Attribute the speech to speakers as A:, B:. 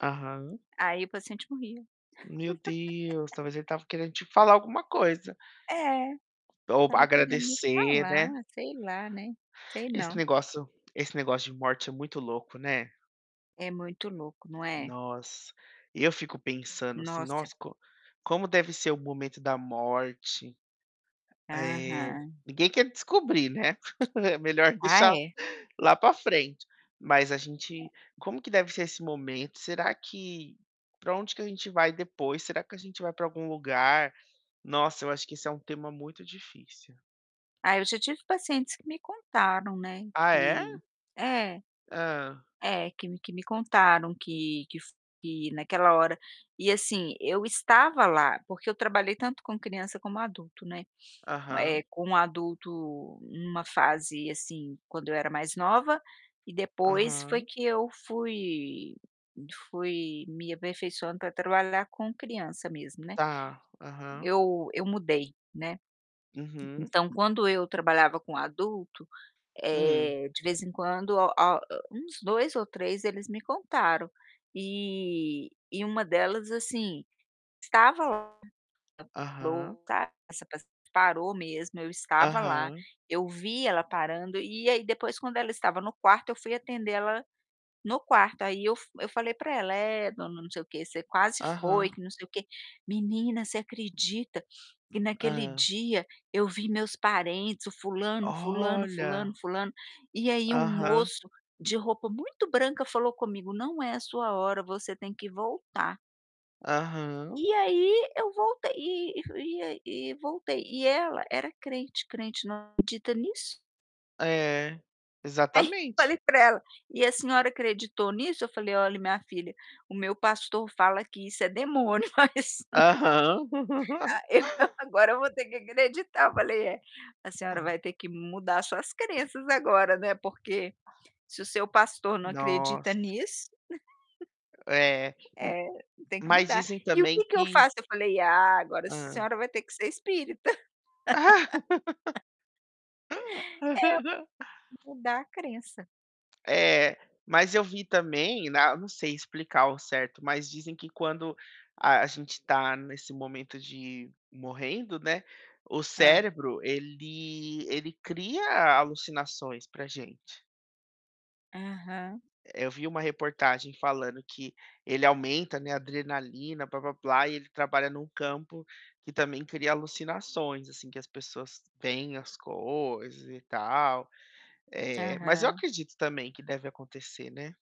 A: Aham.
B: Aí, o paciente morria.
A: Meu Deus! Talvez ele estava querendo te falar alguma coisa.
B: É,
A: Ou
B: estava querendo me
A: agradecer,
B: falar,
A: né.
B: sei lá, né, sei
A: Esse
B: não.
A: negócio esse negócio de morte é muito louco, né.
B: É muito louco, não é?
A: Nossa! Eu fico pensando, assim:
B: Nossa!
A: "Nossa, co como deve ser o momento da morte?" Eh,
B: Aham.
A: ninguém quer descobrir, né. É melhor
B: Ah,
A: deixar
B: é?
A: lá para frente, mas a gente Como que deve ser esse momento? Será que Pra onde que a gente vai depois? Será que a gente vai para algum lugar? Nossa, eu acho que esse é um tema muito difícil.
B: Ah, eu já tive pacientes que me contaram, né
A: Ah, é?
B: que é.
A: Hã.
B: É, que me que me contaram que que fo que naquela hora, e assim eu estava lá porque eu trabalhei tanto com criança como adulto, né. Eh,
A: Aham.
B: com adulto numa fase assim, quando eu era mais nova, e depois foi
A: Aham.
B: que eu fui fui me aperfeiçoando pra trabalhar com criança mesmo, né.
A: Tá. Aham.
B: Eu eu mudei, né.
A: Uhum.
B: Então, quando eu trabalhava com adulto,
A: Hum.
B: eh, de vez em quando, o a uns 2 ou 3 eles me contaram, eh, e uma delas assim, estava lá,
A: Aham.
B: parou, tá. Essa paci parou mesmo, eu estava lá,
A: Aham.
B: eu vi ela parando e aí, depois quando ela estava no quarto eu fui atender ela no quarto, aí eu fu eu falei pra ela: "É, dona não sei o quê, você quase foi,
A: Aham.
B: que não sei o quê", "Menina, você acredita que naquele
A: Hã.
B: dia eu vi meus parentes, o fulano, fulano, fulano,
A: Olha.
B: fulano, e aí um
A: Aham.
B: moço de roupa muito branca falou comigo: 'Não é a sua hora, você tem que voltar'".
A: Aham.
B: E aí, eu voltei e e aí e voltei, e ela era crente crente não acredita nisso.
A: É,
B: Aí,
A: exatamente.
B: falei para ela: "E a senhora acreditou nisso?". Eu falei: "Olhe minha filha, o meu pastor fala que isso é demônio mas,
A: Aham.
B: aí eu agora eu vou ter que acreditar". Eu falei: "Eh, a senhora
A: Hã.
B: vai ter que mudar suas crenças agora, né, porque se o seu pastor não acredita
A: Nossa.
B: nisso".
A: É, hum,
B: Eh, tem que
A: mas
B: mudar.
A: dizem
B: "E o que
A: também
B: que eu
A: que
B: faço?". Eu falei: "Ah, agora a
A: Hã.
B: senhora vai ter que ser espírita". É, mudar a crença.
A: É, mas eu vi também na não sei explicar ao certo, mas dizem que quando a a gente tá nesse momento de morrendo, né, o
B: Hã.
A: cérebro ele ele cria alucinações pra gente.
B: Aham.
A: Eu vi uma reportagem falando que ele aumenta, né, a adrenalina, blá-blá-blá e ele trabalha num campo que também cria alucinações assim, que as pessoas têm as coisas e tal, eh, mas eu
B: Aham.
A: acredito também que deve acontecer, né.